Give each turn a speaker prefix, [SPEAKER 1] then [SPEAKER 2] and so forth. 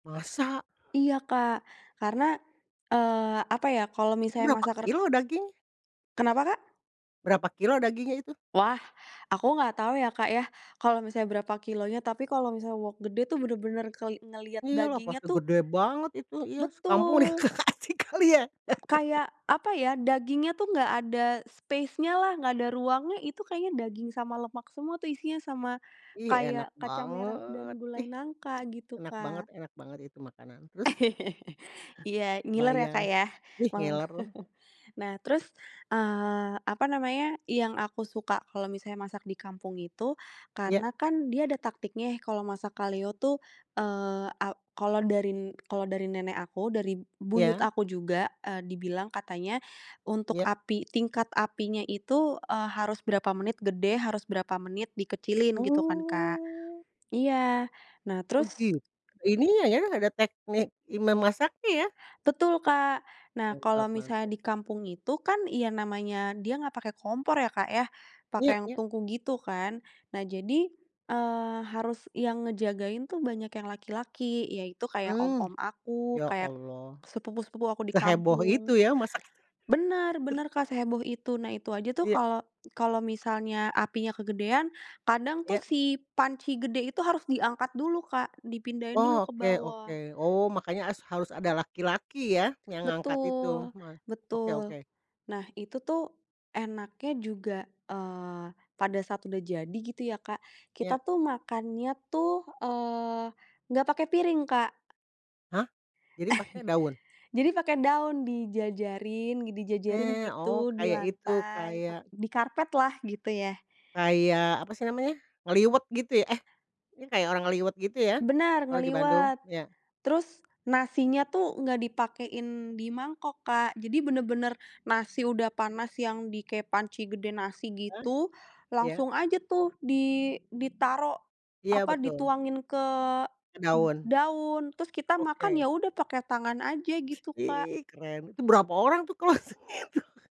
[SPEAKER 1] Masak?
[SPEAKER 2] Iya, Kak, karena, eee, apa ya kalau
[SPEAKER 1] Itu
[SPEAKER 2] misalnya
[SPEAKER 1] berapa
[SPEAKER 2] masak re
[SPEAKER 1] kilo dagingnya?
[SPEAKER 2] Kenapa, Kak?
[SPEAKER 1] Berapa kilo dagingnya itu?
[SPEAKER 2] Wah, aku nggak tahu ya, Kak, ya, kalau misalnya berapa kilo nya, tapi kalau misalnya wok gede tuh bener-bener keli ngelihat
[SPEAKER 1] Iyalah
[SPEAKER 2] dagingnya
[SPEAKER 1] pasti
[SPEAKER 2] tuh
[SPEAKER 1] gede banget itu, iya sekampung itu
[SPEAKER 2] Betul.
[SPEAKER 1] dikasih kali ya.
[SPEAKER 2] Kayak apa ya dagingnya tuh nggak ada spacenya lah, nggak ada ruangnya itu kayaknya daging sama lemak semua tuh isinya, sama
[SPEAKER 1] Ih enak
[SPEAKER 2] kayak kacang merah
[SPEAKER 1] banget,
[SPEAKER 2] dan
[SPEAKER 1] ih
[SPEAKER 2] gulai nangka, gitu,
[SPEAKER 1] enak banget
[SPEAKER 2] Kak.
[SPEAKER 1] enak banget itu makanan, terus?
[SPEAKER 2] Iya, ngiler ya,
[SPEAKER 1] Kebayang,
[SPEAKER 2] Kak, ya
[SPEAKER 1] ih
[SPEAKER 2] malem.
[SPEAKER 1] ngiler.
[SPEAKER 2] Nah, terus, eee, apa namanya yang aku suka kalau misalnya masak di kampung itu
[SPEAKER 1] Iya.
[SPEAKER 2] karena kan dia ada taktiknya kalau masak kaleo tuh, eee, a kalau dari kalau dari nenek aku, dari buyut
[SPEAKER 1] Iya.
[SPEAKER 2] aku juga, eee, dibilang katanya untuk
[SPEAKER 1] Iya.
[SPEAKER 2] api tingkat apinya itu, eee, harus berapa menit gede, harus berapa menit dikecilin gitu kan, Kak.
[SPEAKER 1] Oh.
[SPEAKER 2] Iya, nah terus
[SPEAKER 1] Begit ininya ya, ada teknik i memasaknya ya?
[SPEAKER 2] Betul Kak, nah
[SPEAKER 1] Mantap
[SPEAKER 2] kalau
[SPEAKER 1] mantap.
[SPEAKER 2] misalnya di kampung itu kan yang namanya dia nggak pake kompor ya, Kak ya, pake
[SPEAKER 1] Iya
[SPEAKER 2] yang
[SPEAKER 1] iya.
[SPEAKER 2] tungku gitu kan. Nah jadi, eee, harus yang ngejagain tuh banyak yang laki-laki, yaitu kayak
[SPEAKER 1] Mmm,
[SPEAKER 2] om-om aku,
[SPEAKER 1] ya
[SPEAKER 2] kayak
[SPEAKER 1] Allah,
[SPEAKER 2] sepupu-sepupu aku di
[SPEAKER 1] seheboh
[SPEAKER 2] kampung.
[SPEAKER 1] itu ya masak. Tru
[SPEAKER 2] Benar, benar Kak, seheboh itu, nah itu aja tuh
[SPEAKER 1] Iya.
[SPEAKER 2] kalau kalau misalnya apinya kegedean, kadang tuh
[SPEAKER 1] Iya.
[SPEAKER 2] si panci gede itu harus diangkat dulu, Kak, dipindahin dulu
[SPEAKER 1] Oh,
[SPEAKER 2] ke
[SPEAKER 1] oke oke,
[SPEAKER 2] bawah.
[SPEAKER 1] oh makanya as harus ada laki-laki ya, yang ngangkat itu
[SPEAKER 2] Betul,
[SPEAKER 1] ma oke
[SPEAKER 2] betul.
[SPEAKER 1] oke.
[SPEAKER 2] Nah itu tuh enaknya juga, eee, pada saat udah jadi gitu ya Kak, kita
[SPEAKER 1] Iya.
[SPEAKER 2] tuh makannya tuh, eee, nggak pakai piring, Kak.
[SPEAKER 1] Hah? Jadi pakai daun?
[SPEAKER 2] Jadi pakai daun di jejerin di
[SPEAKER 1] Oke,
[SPEAKER 2] jejerin
[SPEAKER 1] oh
[SPEAKER 2] gitu di
[SPEAKER 1] kayak itu,
[SPEAKER 2] lantai,
[SPEAKER 1] kayak
[SPEAKER 2] di karpet lah, kap gitu ya.
[SPEAKER 1] kayak apa sih namanya ngeliwet gitu ya? Eh ini kayak orang ngeliwet gitu ya,
[SPEAKER 2] Benar,
[SPEAKER 1] kalau di Bandung?
[SPEAKER 2] ngeliwet.
[SPEAKER 1] Iya.
[SPEAKER 2] Terus nasinya tuh nggak dipakein di mangkok, Kak, jadi benar-benar nasi udah panas yang di kayak panci gede nasi
[SPEAKER 1] Iya
[SPEAKER 2] gitu,
[SPEAKER 1] iya.
[SPEAKER 2] langsung aja tuh di ditaruh
[SPEAKER 1] Iya,
[SPEAKER 2] apa,
[SPEAKER 1] betul.
[SPEAKER 2] dituangin ke d
[SPEAKER 1] Daun.
[SPEAKER 2] daun, terus kita makan
[SPEAKER 1] Oke.
[SPEAKER 2] ya udah pakai tangan aja gitu, Kak.
[SPEAKER 1] Ih keren, itu berapa orang tuh closing itu?